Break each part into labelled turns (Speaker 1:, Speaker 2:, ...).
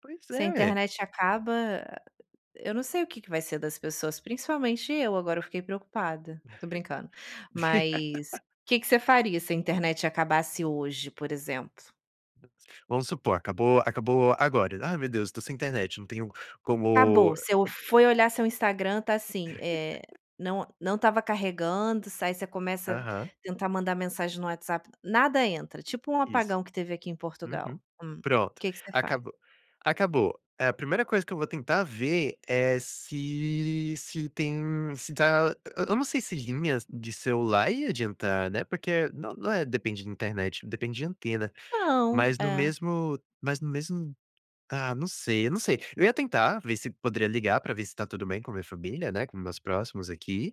Speaker 1: Pois
Speaker 2: Se a
Speaker 1: é.
Speaker 2: internet acaba eu não sei o que que vai ser das pessoas, principalmente eu, agora eu fiquei preocupada. Tô brincando, mas que que você faria se a internet acabasse hoje, por exemplo?
Speaker 1: Vamos supor, acabou acabou agora "Ai, meu Deus, tô sem internet. Não tenho
Speaker 2: Acabou.
Speaker 1: como"
Speaker 2: Você foi olhar seu Instagram tá assim, eh, não não estava carregando, s aí você começa a
Speaker 1: Aham.
Speaker 2: tentar mandar mensagem no WhatsApp nada entra, tipo um
Speaker 1: Isso.
Speaker 2: apagão que teve aqui em
Speaker 1: Uhum.
Speaker 2: Portugal, hum,
Speaker 1: Pronto,
Speaker 2: que que você faz?
Speaker 1: acabou acabou, eh, a primeira coisa que eu vou tentar ver é se se tem se tá eu eu não sei se linhas de celular ia adiantar, né, porque no não é depende de internet, depende de antena.
Speaker 2: Não,
Speaker 1: Mas no
Speaker 2: é.
Speaker 1: mesmo mas no mesmo, ah, não sei, eu não sei. Eu ia tentar ver se poderia ligar pra ver se tá tudo bem com a minha família, né, com meus próximos aqui.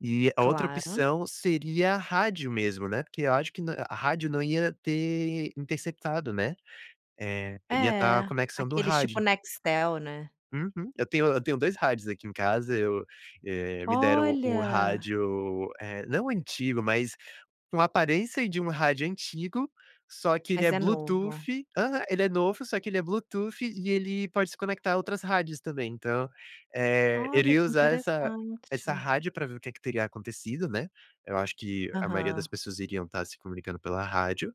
Speaker 1: E a outra
Speaker 2: Claro.
Speaker 1: opção seria rádio mesmo, né, porque eu acho que na rádio não ia ter interceptado, né, eh, iria estar a
Speaker 2: É.
Speaker 1: conexão do
Speaker 2: Aqueles tipo,
Speaker 1: rádio.
Speaker 2: Nextel, né.
Speaker 1: Uhum. Eu tenho eu tenho 2 rádios aqui em casa. Eu, eh, me deram um
Speaker 2: Olha.
Speaker 1: rádio, eh, não antigo, mas com aparência de um rádio antigo, só que ele
Speaker 2: Mas
Speaker 1: é
Speaker 2: é novo.
Speaker 1: bluetooth aham, ele é novo só que ele é bluetooth e ele pode se conectar a outras rádios também. Então, eh, eu
Speaker 2: Olha,
Speaker 1: iria
Speaker 2: que
Speaker 1: usar essa essa
Speaker 2: interessante.
Speaker 1: rádio pra ver o que é que teria acontecido, né. Eu acho que a maioria das
Speaker 2: Aham.
Speaker 1: pessoas iriam estar se comunicando pela rádio.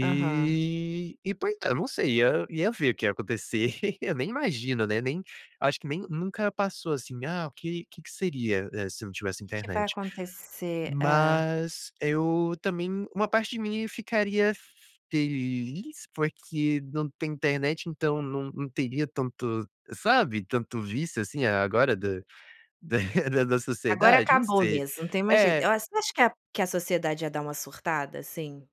Speaker 2: Aham.
Speaker 1: e poi ah, eu não sei, ia ia ver o que ia acontecer. Eu nem imagino, né, nem acho que nem nunca passou, assim: "Ah, o que que seria, eh, se eu não tivesse
Speaker 2: Que que vai
Speaker 1: internet?".
Speaker 2: acontecer? É.
Speaker 1: Mas eu também uma parte de mim ficaria feliz porque não tem internet, então não não teria tanto, sabe, tanto vício, assim, agora da da da
Speaker 2: Agora
Speaker 1: sociedade, não
Speaker 2: acabou
Speaker 1: sei.
Speaker 2: mesmo, não tem mais jeito
Speaker 1: É.
Speaker 2: eu acho você acha que a que a sociedade ia dar uma surtada, assim?